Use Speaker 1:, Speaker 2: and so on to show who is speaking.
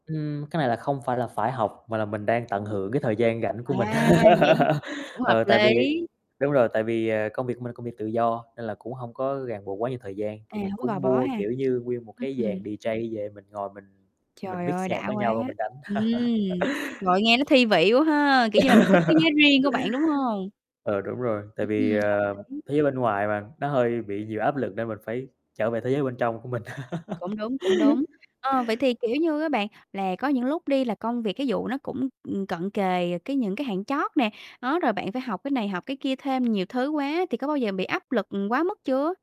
Speaker 1: Ừm, cái này là không phải là phải học, mà là mình đang
Speaker 2: Ừm
Speaker 1: tận
Speaker 2: hứm.
Speaker 1: hưởng cái thời gian rảnh của mình,
Speaker 2: À, vậy [unintelligible] cũng hợp
Speaker 1: ờ, tại vì
Speaker 2: lý.
Speaker 1: đúng rồi, tại vì, ờ, công việc của mình là công việc tự do, nên là cũng hông có ràng buộc quá nhiều thời gian.
Speaker 2: À,
Speaker 1: Thì mình
Speaker 2: hổng có gò
Speaker 1: cũng
Speaker 2: bó
Speaker 1: mua,
Speaker 2: ha.
Speaker 1: kiểu như, nguyên một cái
Speaker 2: Ưm.
Speaker 1: dàn DJ về mình ngồi mình mình
Speaker 2: Trời ơi,
Speaker 1: mix nhạc
Speaker 2: đã
Speaker 1: với
Speaker 2: quá.
Speaker 1: nhau rồi mình đánh.
Speaker 2: Ừm, trời ơi, nghe nó thi vị quá ha, kiểu như là một cái thế giới riêng của bạn, đúng hông?
Speaker 1: Ờ, đúng rồi, tại
Speaker 2: Ừm,
Speaker 1: vì, ờ,
Speaker 2: hợp lý.
Speaker 1: thế giới bên ngoài mà, nó hơi bị nhiều áp lực, nên mình phải trở về thế giới bên trong của mình.
Speaker 2: Cũng đúng, cũng đúng. Ờ, vậy thì, kiểu như, á bạn là có những lúc đi là công việc cái vụ nó cũng, ừm, cận kề cái những cái hạn chót nè, đó, rồi bạn phải học cái này, học cái kia thêm nhiều thứ quá thì có bao giờ bị áp lực, ừm, quá mức chưa?